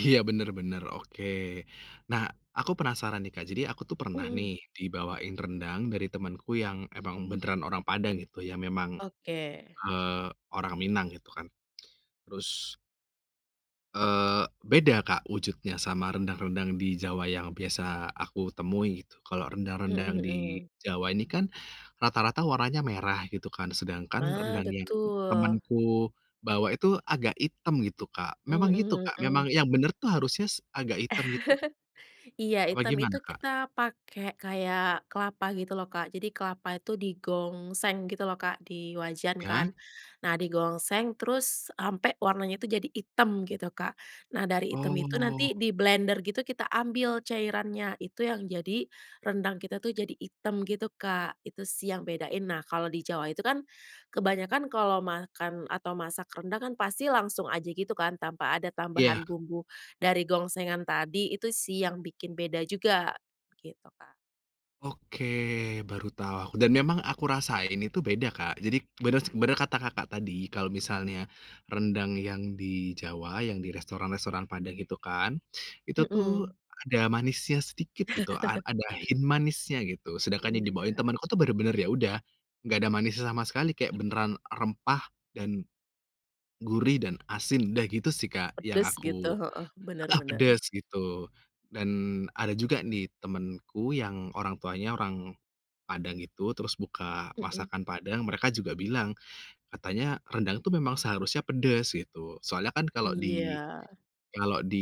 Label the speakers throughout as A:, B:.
A: Iya, bener bener oke. Nah, aku penasaran nih, Kak, jadi aku tuh pernah nih
B: Mhm.
A: dibawain rendang dari temanku yang emang beneran orang Padang gitu yang memang,
B: Oke.
A: eee, orang Minang gitu kan. Terus eee, beda, Kak, wujudnya sama rendang-rendang di Jawa yang biasa aku temui gitu. Kalau
B: Mhm
A: rendang-rendang yang di
B: mhm.
A: Jawa ini kan, rata-rata warnanya merah gitu kan sedangkan
B: Mah,
A: rendang yang
B: betul.
A: temanku bawa itu agak hitam gitu, Kak, memang gitu,
B: Mhm
A: Kak, memang
B: mhm.
A: yang bener tuh harusnya s agak hitam gitu?
B: Iya,
A: Apa
B: hitam
A: gimana,
B: itu
A: Kak?
B: kita pakai kayak kelapa gitu loh, Kak, jadi kelapa itu digongseng gitu loh, Kak, di wajan
A: Iya.
B: kan. Nah, digongseng terus sampai warnanya itu jadi hitam gitu, Kak. Nah, dari hitam itu
A: Oh.
B: nanti diblender gitu kita ambil cairannya itu yang jadi, rendang kita tuh jadi hitam gitu, Kak, itu sih yang bedain. Nah, kalau di Jawa itu kan, kebanyakan kalau makan atau masak rendang kan pasti langsung aja gitu kan tanpa ada
A: Iya.
B: tambahan bumbu dari gongsengan tadi itu sih yang bikin beda juga, gitu, Kak.
A: Oke, baru tah dan memang aku rasain itu beda, Kak, jadi beners bener kata, Kakak, tadi kalau misalnya, rendang yang di Jawa yang di restoran-restoran padang gitu kan, itu tuh
B: Mhm.
A: ada manisnya sedikit gitu a ada hint manisnya gitu. Sedangkan yang dibawain
B: Iya.
A: temenku tuh bener-bener ya udah, enggak ada manisnya sama sekali kayak beneran rempah dan, gurih dan asin udah gitu sih, Kak, yang
B: Pedes gitu,
A: aku
B: heeh, bener
A: heeh,
B: bener.
A: pedes gitu dan ada juga nih temenku yang orang tuanya orang, Padang itu terus buka
B: Mhm.
A: masakan Padang mereka juga bilang, katanya rendang tuh memang seharusnya pedes gitu soalnya kan kalau di
B: Iya.
A: kalau di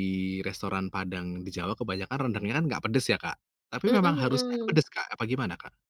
A: restoran Padang di Jawa kebanyakan rendangnya kan gak pedes ya, Kak. Tapi memang
B: Mhm
A: harusnya
B: mhm.
A: pedes, Kak, apa gimana, Kak?